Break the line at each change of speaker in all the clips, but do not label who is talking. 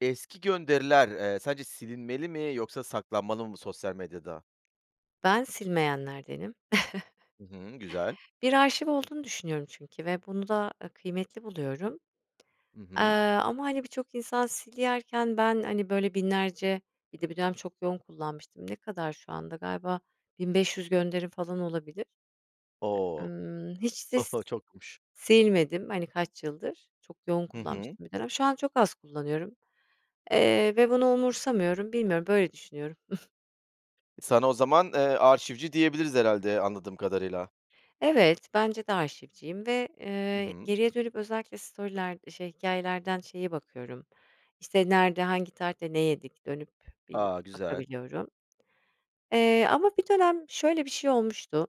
Eski gönderiler, eee, sence silinmeli mi, yoksa saklanmalı mı sosyal medyada?
Ben silmeyenlerdenim.
Hı hı, güzel.
Bir arşiv olduğunu düşünüyorum çünkü ve bunu da, ııı, kıymetli buluyorum,
Hı hı.
aaa, ama, hani, birçok insan silerken ben, hani, böyle, binlerce, bir de bir dönem çok yoğun kullanmıştım, ne kadar şu anda, galiba, 1.500 gönderim, falan, olabilir. E
O!
ımm, hiç
Ho
sis
ho, çokmuş.
silmedim, hani, kaç yıldır, çok yoğun
Hı hı.
kullanmıştım bir dönem, şu an çok az kullanıyorum, eee, ve bunu umursamıyorum, bilmiyorum böyle düşünüyorum.
Sana o zaman, ııı, "arşivci" diyebiliriz herhâlde, anladığım kadarıyla.
Evet, bence de arşivciyim ve,
Hı
ııı,
hı.
geriye dönüp özellikle story'ler şey, hikâyelerden şeye bakıyorum, işte, nerede, hangi tarihte ne yedik dönüp bir
A, güzel.
bakabiliyorum. Eee, ama bir dönem şöyle bir şey olmuştu,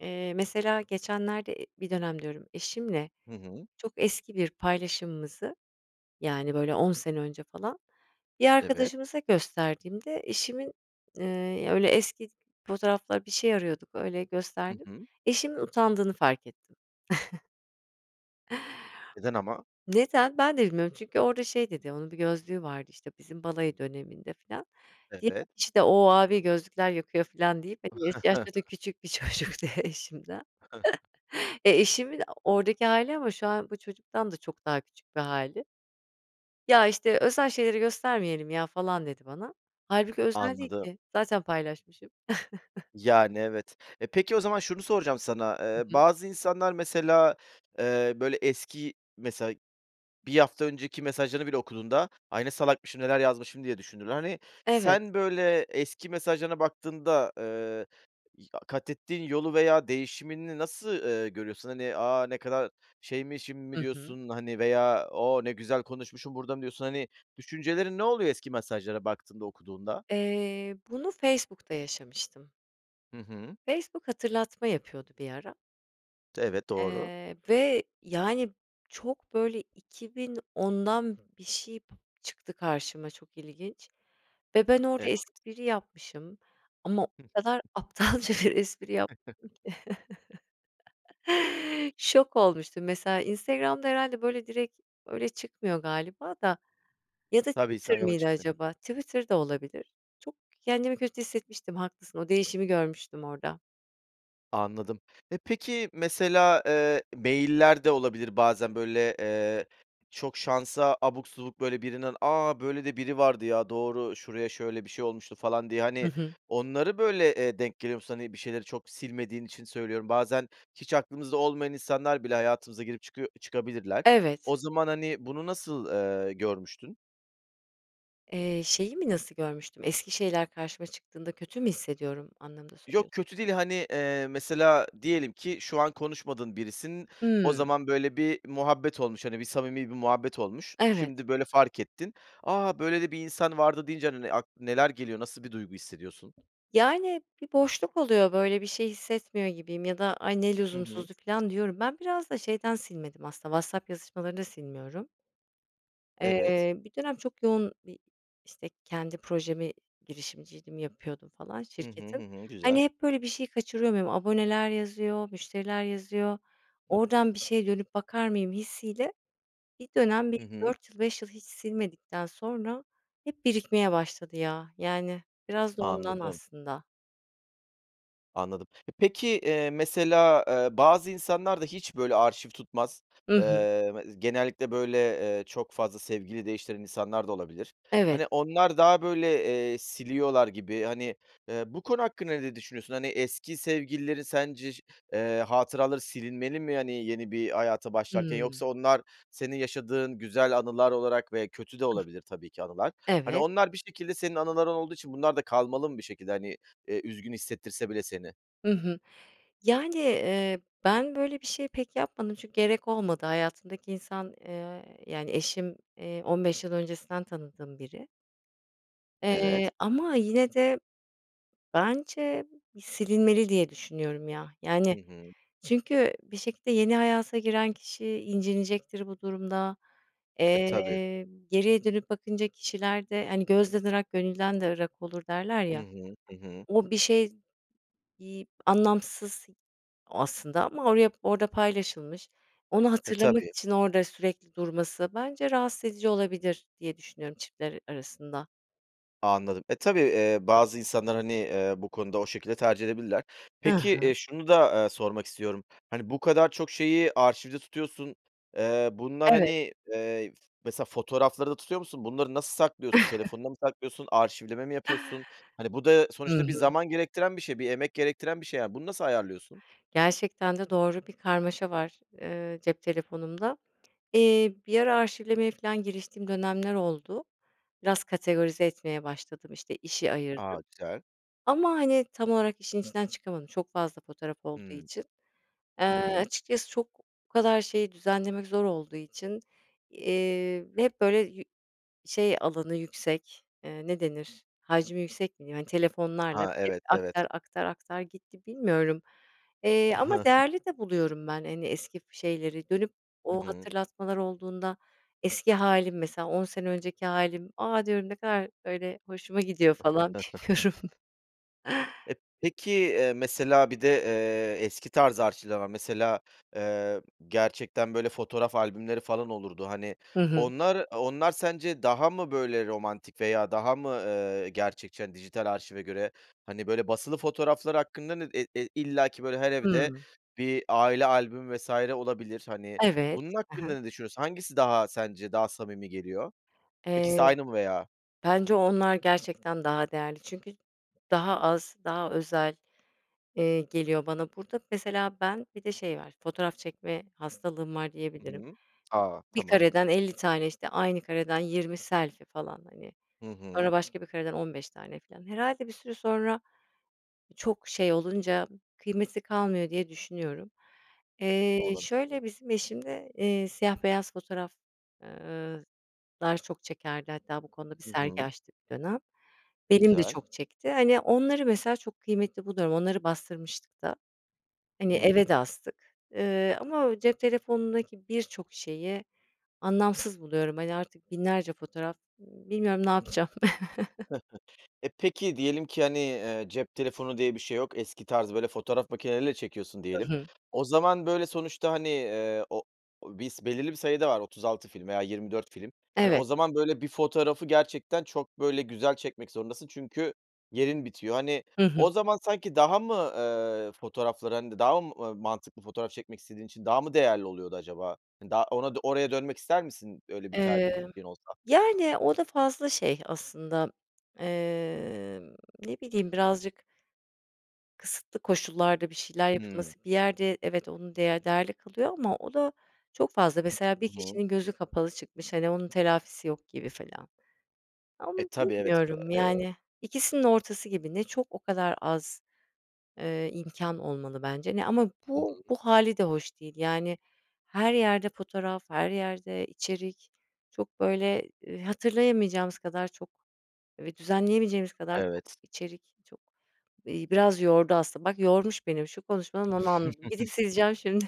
eee, mesela geçenlerde, e bir dönem diyorum, eşimle
Hı hı.
çok eski bir paylaşımımızı, yani, böyle, 10 önce falan, bir
Evet.
arkadaşımıza gösterdiğimde eşimin, ııı, öyle, eski fotoğraflar, bir şey arıyorduk öyle
Hı
gösterdim.
hı.
Eşimin utandığını fark ettim.
Neden ama?
Neden? Ben de bilmiyorum çünkü orada şey dedi, onun bir gözlüğü vardı, işte, bizim balayı döneminde filan. Diğer
Evet.
işte, "O, abi gözlükler yakıyor" filan deyip, hani, yaşı yaşça da küçük bir çocuktu eşimden. Eee, eşimin o oradaki hâli ama şu an bu çocuktan da çok daha küçük bir hâli. Ya, işte, "Özel şeyleri göstermeyelim, ya." falan dedi bana. Hâlbuki özel değil
Anladım.
ki, zaten paylaşmışım.
Yani, evet. E, peki o zaman şunu soracağım sana,
Hı
ııı,
hı.
bazı insanlar mesela, eee, böyle, eski, mesela, 1 hafta önceki mesajlarını bile okuduğunda, "Ay, ne salakmışım, neler yazmışım" diye düşünürler, hani.
Evet.
Sen, böyle, eski mesajlarına baktığında, ııı, i a katettiğin yolu veya değişimini nasıl, ııı, görüyorsun? Hani, "A, ne kadar şeymişim mi
Hı hı.
diyorsun" hani, veya "O, ne güzel konuşmuşum burada" mı diyorsun? Hani, düşüncelerin ne oluyor eski mesajlara baktığında, okuduğunda?
Eee, bunu Facebook'ta yaşamıştım.
Hı hı.
Facebook hatırlatma yapıyordu bir ara
Evet, doğru.
eee, ve, yani, çok, böyle, 2010'dan bir şey p çıktı karşıma çok ilginç ve ben orada
Evet.
espri yapmışım ama o kadar
[unintelligible]
aptalca bir espri yapmışım ki, şok olmuştum. Mesela Instagram'da herhâlde, böyle, direkt öyle çıkmıyor galiba da ya da
Tabii,
Twitter
Instagram'a
mıydı
çıkmıyor.
acaba? Twitter da olabilir. Çok, kendimi kötü hissetmiştim, haklısın o değişimi görmüştüm orada.
Anladım. Eee, peki, mesela, eee, mail'ler de olabilir bazen, böyle, eee, çok şansa abuk subuk, böyle, birinin "A, böyle de biri vardı, ya, doğru şuraya şöyle bir şey olmuştu" falan diye,
Hı
hani,
hı.
onları, böyle, eee, denk geliyor musun? Hani, bir şeyleri çok silmediğin için söylüyorum. Bazen hiç aklımızda olmayan insanlar bile hayatımıza girip çıkıyo çıkabilirler.
Evet.
O zaman, hani, bunu nasıl, eee, görmüştün?
Eee, şeyi mi nasıl görmüştüm, eski şeyler karşıma çıktığında kötü mü hissediyorum anlamında
Yok
soruyorsun?
kötü değil, hani, eee, mesela diyelim ki, şu an konuşmadığın birisin, o
Hıı.
zaman böyle bir muhabbet olmuş, hani, bir samimi bir muhabbet olmuş.
Evet.
Şimdi, böyle, fark ettin. "A, böyle de bir insan vardı" deyince, hani, n ak neler geliyor, nasıl bir duygu hissediyorsun?
Yani, bir boşluk oluyor, böyle, bir şey hissetmiyor gibiyim ya da "Ay, ne
Hı hı.
lüzumsuzdu." filan, diyorum. Ben biraz da şeyden silmedim aslında, WhatsApp yazışmalarını da silmiyorum.
Evet.
Eee, bir dönem çok yoğun bir, işte, kendi projemi, girişimciydim, yapıyordum, falan,
Hı hı.
şirketim.
Hı hı. Güzel.
Hani, hep, böyle, bir şeyi kaçırıyor muyum, aboneler yazıyor, müşteriler yazıyor,
Hı.
oradan bir şeye dönüp bakar mıyım hissiyle bir dönem bir
Hı hı.
4 yıl, 5 yıl hiç silmedikten sonra hep birikmeye başladı, ya, yani, biraz da ondan
Anladım.
aslında.
Anladım. Eee, peki, eee, mesela, eee, bazı insanlar da hiç, böyle, arşiv tutmaz.
Hı hı.
Eee, me genellikle, böyle, eee, çok fazla sevgili değiştiren insanlar da olabilir.
Evet.
Hani, onlar daha, böyle, eee, siliyorlar gibi, hani, eee, bu konu hakkında ne düşünüyorsun? Hani, eski sevgililerin sence ş eee, hatıraları silinmeli mi, hani, yeni bir hayata başlarken
Hımm.
yoksa onlar senin yaşadığın güzel anılar olarak ve kötü de olabilir tabii ki anılar. Hani,
Evet.
onlar bir şekilde senin anıların olduğu için bunlar da kalmalı mı bir şekilde, hani, eee, üzgün hissettirse bile seni.
Hı hı. Yani, eee, ben böyle bir şeyi pek yapmadım çünkü gerek olmadı. Hayatımdaki insan, eee, yani, eşim, eee, 15 yıl öncesinden tanıdığım biri.
Evet.
Eee, ama yine de bence bir silinmeli diye düşünüyorum, ya. Yani,
Hı hı.
çünkü bir şekilde yeni hayata giren kişi incinecektir bu durumda,
E, tabii.
eee, geriye dönüp bakınca kişilerde, hani, gözden ırak gönülden de ırak olur derler
Hı
ya,
hı. Hı hı.
o bir şey, iii, anlamsız o aslında ama oraya orada paylaşılmış, onu
E,
hatırlamak
tabii.
için orada sürekli durması bence rahatsız edici olabilir, diye düşünüyorum, çiftler a arasında.
Anladım. E, tabii, eee, bazı insanlar, hani, eee, bu konuda o şekilde tercih edebilirler.
Hı
Peki,
hı.
eee, şunu da, eee, sormak istiyorum. Hani, bu kadar çok şeyi arşivde tutuyorsun, eee, bunlar, hani,
Evet.
eee, f mesela fotoğrafları da tutuyor musun? Bunları nasıl saklıyorsun, telefonuna mı saklıyorsun, arşivleme mi yapıyorsun? Hani, bu da
Hı
sonuçta bir
hı.
zaman gerektiren bir şey, bir emek gerektiren bir şey yani. Bunu nasıl ayarlıyorsun?
Gerçekten de doğru, bir karmaşa var, eee, cep telefonumda. Eee, bir ara arşivlemeye, filan giriştiğim dönemler oldu, biraz kategorize etmeye başladım, işte, işi ayırdım,
A, güzel.
ama, hani, tam olarak işin içinden çıkamadım çok fazla fotoğraf olduğu
Hımm.
için. Eee,
Hı hı.
açıkçası çok bu kadar şeyi düzenlemek zor olduğu için, eee, ve hep böyle yü şey alanı yüksek, eee, ne denir hacmi yüksek mi diyeyim, hani, telefonlarla
Ha,
hep
evet, evet.
aktar, aktar, aktar gitti bilmiyorum, eee, ama değerli de buluyorum ben, hani, eski şeyleri dönüp
Hı
o
hı.
hatırlatmalar olduğunda eski hâlim mesela 10 sene önceki hâlim, a, diyorum ne kadar öyle hoşuma gidiyor, falan bilmiyorum.
Eee, peki, eee, mesela bir de, eee, eski tarz arşivler var. Mesela, eee, gerçekten, böyle, fotoğraf albümleri falan olurdu, hani.
Hı hı.
Onlar onlar sence daha mı, böyle, romantik veya daha mı, eee, gerçekçi, hani, dijital arşive göre, hani, böyle, basılı fotoğraflar hakkında ne e e illaki, böyle, her evde
Hımm.
bir aile albümü vs. olabilir, hani.
Evet,
Bunun
hı hı.
hakkında ne düşünüyorsun? Hangisi daha sence, daha samimi geliyor?
Eee,
İkisi aynı mı veya?
bence onlar gerçekten daha değerli, çünkü daha az daha özel, eee, geliyor bana. Burada mesela ben, bir de şey var fotoğraf çekme hastalığım var
Hı
diyebilirim.
hı. A,
1
tamam.
kareden 50 tane işte aynı kareden 20 selfie falan, hani,
Hı hı.
sonra başka bir kareden 15 tane, filan, herhâlde bir süre sonra çok şey olunca kıymeti kalmıyor diye düşünüyorum. Eee,
Olabilir.
şöyle,
Doğru.
bizim eşim de, eee, siyah beyaz fotoğraf eee, lar çok çekerdi hatta bu konuda bir
Hı
sergi
hı.
açtık bir dönem. Benim de
Güzel.
çok çekti, hani, onları mesela çok kıymetli buluyorum, onları bastırmıştık da. Hani,
Hımm.
eve de astık. Eee, ama o cep telefonundaki birçok şeyi anlamsız buluyorum, hani, artık binlerce fotoğraf, ımm, bilmiyorum ne yapacağım.
Eee, peki, diyelim ki, hani, eee, cep telefonu diye bir şey yok eski tarz, böyle, fotoğraf makineleriyle çekiyorsun,
Hı
diyelim.
hı.
O zaman, böyle, sonuçta, hani, eee, o o biz belirli bir sayıda var 36 film veya 24 film. Hani, o
Evet.
zaman, böyle, bir fotoğrafı gerçekten çok, böyle, güzel çekmek zorundasın çünkü yerin bitiyor. Hani,
Hı hı.
o zaman sanki daha mı, eee, fotoğraflar, hani, daha mı mantıklı fotoğraf çekmek istediğin için daha mı değerli oluyordu acaba? Hani, daha ona oraya dönmek ister misin, öyle bir
Emm.
tercihin olsa?
Yani, o da fazla şey aslında, emm, ne bileyim birazcık Kısıtlı koşullarda bir şeyler
Hımm.
yapılması, bir yerde evet onu değer değerli kılıyor ama o da çok fazla mesela bir
Hı hı.
kişinin gözü kapalı çıkmış, hani, onun telafisi yok gibi filan.
E,
Ama
tabii. Evet,
bilmiyorum,
eee
yani, ikisinin ortası gibi ne çok o kadar az, eee, imkân olmalı bence ne ama
Hı
bu
hı.
bu hâli de hoş değil, yani, her yerde fotoğraf, her yerde içerik, çok, böyle, ııı, hatırlayamayacağımız kadar çok ve düzenleyemeyeceğimiz kadar çok
Evet.
içerik çok, eee, biraz yordu aslında, bak yormuş benim şu konuşmadan onu anladım. Gidip, sileceğim şimdi.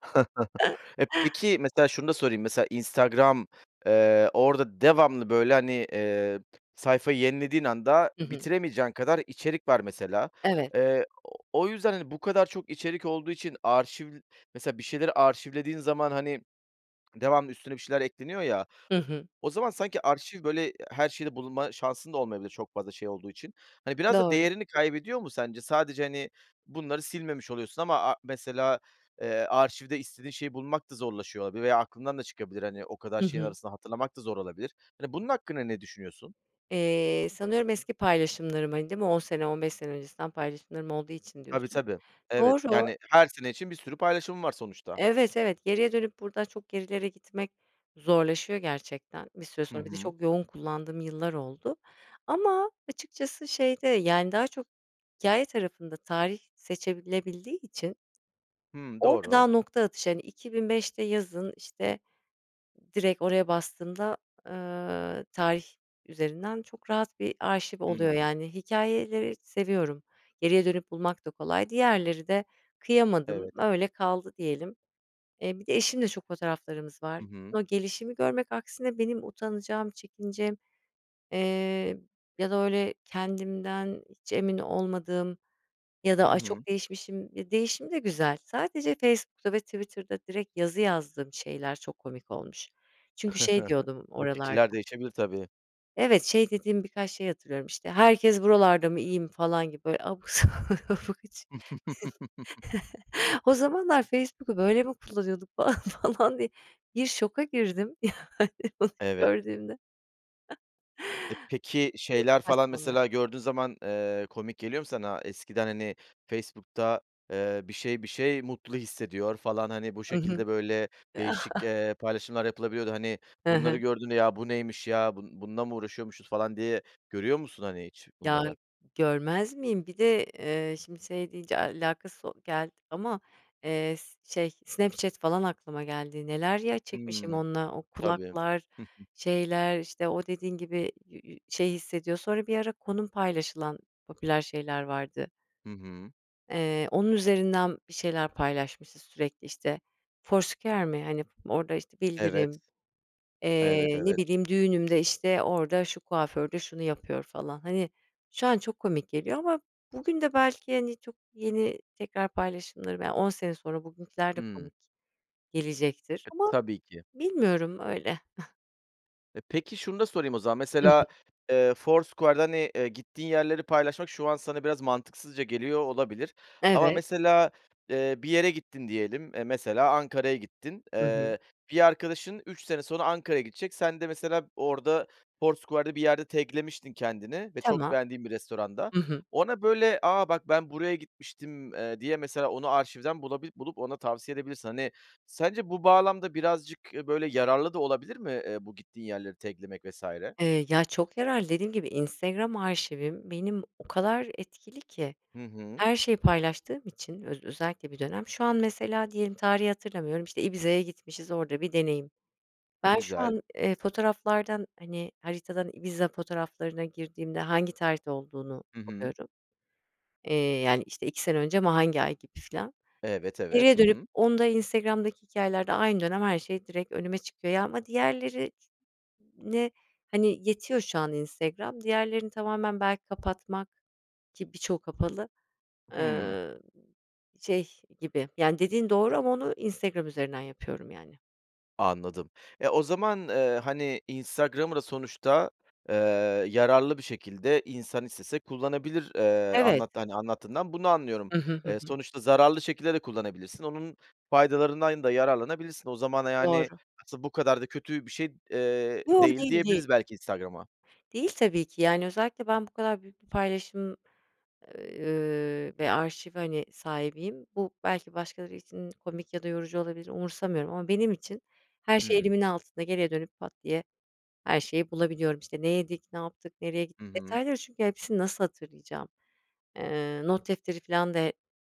Eee, peki, mesela şunu da sorayım, mesela Instagram, eee, orada devamlı, böyle, hani, eee, sayfayı yenilediğin anda
Hı hı.
bitiremeyeceğin kadar içerik var, mesela.
Evet.
Eee, o yüzden, hani, bu kadar çok içerik olduğu için arşiv, mesela, bir şeyleri arşivlediğin zaman, hani, devamlı üstüne bir şeyler ekleniyor ya o
Hı hı.
o zaman sanki arşiv böyle her şeyde bulunma şansın da olmayabilir çok fazla şey olduğu için. Hani, biraz da
Doğru.
değerini kaybediyor mu sence? Sadece, hani, bunları silmemiş oluyorsun ama a mesela, eee, arşivde istediğin şeyi bulmak da zorlaşıyor olabilir veya aklından da çıkabilir, hani, o kadar
Hı
şeyin
hı.
arasında hatırlamak da zor olabilir. Hani, bunun hakkında ne düşünüyorsun?
Eee, sanıyorum eski paylaşımlarım, hani, değil mi? 10 sene, 15 sene öncesinden paylaşımlarım olduğu için
Tabii,
diyorsun.
tabii. Evet,
Doğru.
yani, her sene için bir sürü paylaşımın var sonuçta.
Evet, evet. Geriye dönüp buradan çok gerilere gitmek zorlaşıyor gerçekten bir süre
Hı
sonra, bir de
hı.
çok yoğun kullandığım yıllar oldu ama açıkçası şeyde, yani, daha çok hikâye tarafında tarih seçilebildiği için,
Hımm,
orada
doğru.
daha nokta atışı, hani, 2005'te yazın, işte, direkt oraya bastığında, ııı, tarih üzerinden çok rahat bir arşiv oluyor,
Hımm.
yani, hikâyeleri seviyorum, geriye dönüp bulmak da kolay, diğerleri de kıyamadım,
Evet.
öyle kaldı diyelim. Eee, bir de eşimle çok fotoğraflarımız
Hı
var.
hı.
O gelişimi görmek aksine benim utanacağım, çekineceğim, eee, ya da, öyle, kendimden hiç emin olmadığım ya da:
Hı
"Ay,
hı.
çok değişmişim." eee, değişim de güzel. Sadece Facebook'ta ve Twitter'da direkt yazı yazdığım şeyler çok komik olmuş. Çünkü şey diyordum
E,
oralarda
fikirler değişebilir tabii.
evet, şey dediğim birkaç şey hatırlıyorum, işte, "Herkes buralarda mı, iyi mi?" falan gibi, böyle, abuk, sabuk, hiç. "O zamanlar Facebook'u böyle mi kullanıyorduk?" falan, falan diye bir şoka girdim, yani, bunu
Evet.
gördüğümde.
E, peki, şeyler
[unintelligible]
falan
Bunlar.
mesela gördüğün zaman, eee, komik geliyor mu sana? Eskiden, hani, Facebook'ta, eee, "bir şey, bir şey mutlu hissediyor" falan, hani, bu
Hı hı.
şekilde böyle değişik, eee, paylaşımlar yapılabiliyordu. Hani,
Hı
bunları
hı.
gördüğünde, "Ya, bu neymiş, ya? Bun bununla mı uğraşıyormuşuz?" falan, diye görüyor musun, hani, hiç
Ya,
bunları?
görmez miyim, bir de, eee, şimdi şey deyince alakasız o geldi ama, eee, s şey Snapchat falan aklıma geldi, neler, ya, çekmişim
Hımm.
onunla, o
Tabii.
kulaklar, şeyler, işte, o dediğin gibi yü yü şey hissediyor sonra bir ara konum paylaşılan popüler şeyler vardı.
Hı hı.
Eee, onun üzerinden bir şeyler paylaşmışız sürekli, işte. Foursquare mi? Hani, orada, işte,
Evet.
bildirim,
Evet,
eee, ne
evet.
bileyim, düğünümde, işte, orada, "şu kuaförde şunu yapıyor" falan. Hani, şu an çok komik geliyor ama bugün de belki, hani, çok yeni tekrar paylaşımlarım, yani, 10 sene sonra bugünküler de
Hımm.
komik gelecektir
[unintelligible]
ama
Tabii ki.
Bilmiyorum. Öyle.
E, peki, şunu da sorayım o zaman,
Hı hı.
mesela, eee, Foursquare'da, hani, eee, gittiğin yerleri paylaşmak şu an sana biraz mantıksızca geliyor olabilir ama
Evet.
mesela, eee, bir yere gittin diyelim, eee, mesela Ankara'ya gittin.
Hı hı.
Eee, bir arkadaşın 3 sene sonra Ankara'ya gidecek. Sen de mesela orada Foursquare'da bir yerde tag'lemiştin kendini ve çok
Tamam.
beğendiğin bir restoranda.
Hı hı.
Ona, böyle, "A, bak, ben buraya gitmiştim." eee, diye mesela onu arşivden bulabil bulup ona tavsiye edebilirsin. Hani, sence bu bağlamda birazcık, eee, böyle yararlı da olabilir mi? Eee, bu gittiğin yerleri tag'lemek vs.
Eee, ya, çok yararlı. Dediğim gibi Instagram arşivim benim o kadar etkili ki
Hı hı.
her şeyi paylaştığım için öz özellikle bir dönem. Şu an mesela diyelim tarihi hatırlamıyorum, işte, Ibiza'ya gitmişiz, orada bir deneyim. Ben şu
Güzel.
an, eee, fotoğraflardan, hani, haritadan Ibiza fotoğraflarına girdiğimde hangi tarihte olduğunu
Hı hı.
buluyorum, eee, yani, işte, 2 sene önce ama hangi ay gibi filan.
Evet, evet.
Geriye
Hı
dönüp
hı.
onda, Instagram'daki hikâyelerde aynı dönem her şey direkt önüme çıkıyor. Ya, ama diğerlerine Hani, yetiyor şu an Instagram. Diğerlerini tamamen belki kapatmak, ki birçoğu kapalı,
Hımm.
ııı, şey gibi Yani, dediğin doğru ama onu Instagram üzerinden yapıyorum, yani.
Anladım. E, o zaman, ııı, hani, Instagram'ı da sonuçta, ııı, yararlı bir şekilde insan istese kullanabilir. Eee,
Evet.
anlat hani, anlattığından bunu anlıyorum.
Hı hı, hı
Eee,
hı.
sonuçta zararlı şekilde de kullanabilirsin, onun faydalarından da yararlanabilirsin. O zaman, yani,
Doğru.
aslında bu kadar da kötü bir şey, eee,
Yo,
değil
değil, değil.
diyebiliriz belki Instagram'a.
Değil, tabii ki, yani, özellikle ben bu kadar büyük bir paylaşım, ııı, ve arşiv, hani, sahibiyim. Bu belki başkaları için komik ya da yorucu olabilir, umursamıyorum ama benim için her şey
Hımm.
elimin altında. Geriye dönüp, pat diye her şeyi bulabiliyorum. İşte, ne yedik, ne yaptık, nereye git
Hı hı.
detayları çünkü hepsini nasıl hatırlayacağım? Eee, not defteri filan da e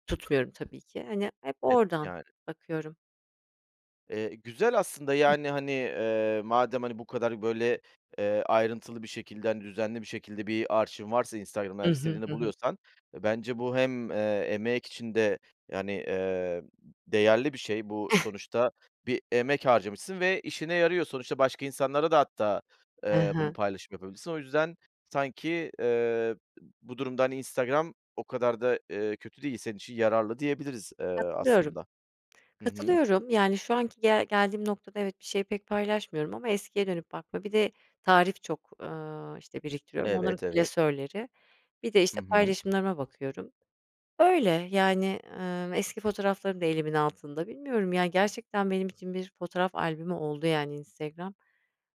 tutmuyorum tabii ki, hani, hep
Evet,
oradan
yani.
bakıyorum.
Eee, güzel aslında,
[unintelligible]
yani, hani, ııı, madem, hani, bu kadar, böyle, eee, ayrıntılı bir şekilde, hani, düzenli bir şekilde bir arşivin varsa Instagram'da
Hı
her
hı,
istediğini
hı hı.
buluyorsan bence bu hem, eee, emek için de, yani, eee, değerli bir şey. Bu sonuçta bir emek harcamışsın ve işine yarıyor. Sonuçta başka insanlara da hatta,
Hı
ııı, bunu
hı.
paylaşım yapabilirsin. O yüzden sanki, ııı, bu durumda, hani, Instagram o kadar da, ııı, kötü değil. Senin için yararlı diyebiliriz, ııı,
Katılıyorum.
aslında. Hı hı.
Katılıyorum, yani, şu anki gel geldiğim noktada evet, bir şeyi pek paylaşmıyorum ama eskiye dönüp baktığımda. Bir de tarif çok, ııı, işte, biriktiriyorum onların
Evet, evet.
klasörleri. Bir de,
Hı
işte,
hı.
paylaşımlarıma bakıyorum, öyle, yani, ııı, eski fotoğraflarım da elimin altında. Bilmiyorum, yani, gerçekten benim için bir fotoğraf albümü oldu, yani, Instagram.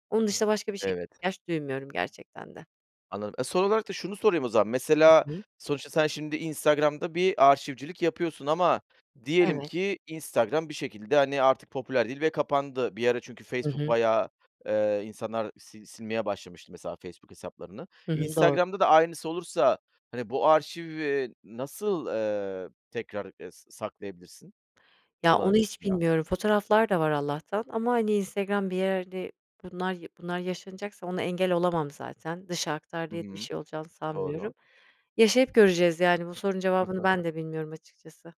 Onun dışında başka bir şeye
Evet.
ihtiyaç duymuyorum gerçekten de.
Anladım. E, son olarak da şunu sorayım o zaman,
Hı
mesela
hı.
sonuçta sen şimdi Instagram'da bir arşivcilik yapıyorsun ama diyelim
Evet.
ki Instagram bir şekilde, hani, artık popüler değil ve kapandı. Bir ara çünkü
Hı
Facebook
hı.
bayağı, ııı, insanlar sil silmeye başlamıştı mesela Facebook hesaplarını.
Hı hı, doğru.
Instagram'da da aynısı olursa, hani, bu arşivi nasıl, ııı, tekrar, eee, sa saklayabilirsin,
Ya, onu hiç
kullanabilirsin veya?
bilmiyorum, fotoğraflar da var Allah'tan ama, hani, Instagram, bir yerde, bunlar ya bunlar yaşanacaksa ona engel olamam zaten. Dışa aktar
Hı
diye de bir
hı.
şey olacağını sanmıyorum.
Doğru.
Yaşayıp göreceğiz, yani, bu sorunun cevabını ben de bilmiyorum açıkçası.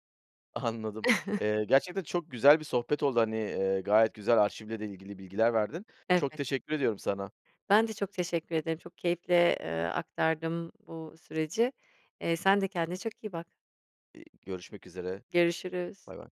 Anladım, eee, gerçekten çok güzel bir sohbet oldu. Hani, ııı, gayet güzel arşivle de ilgili bilgiler verdin. Çok
Evet.
teşekkür ediyorum sana.
Ben de çok teşekkür ederim. Çok keyifle, ııı, aktardım bu süreci. Eee, sen de kendine çok iyi bak.
Görüşmek üzere,
Görüşürüz.
baybay.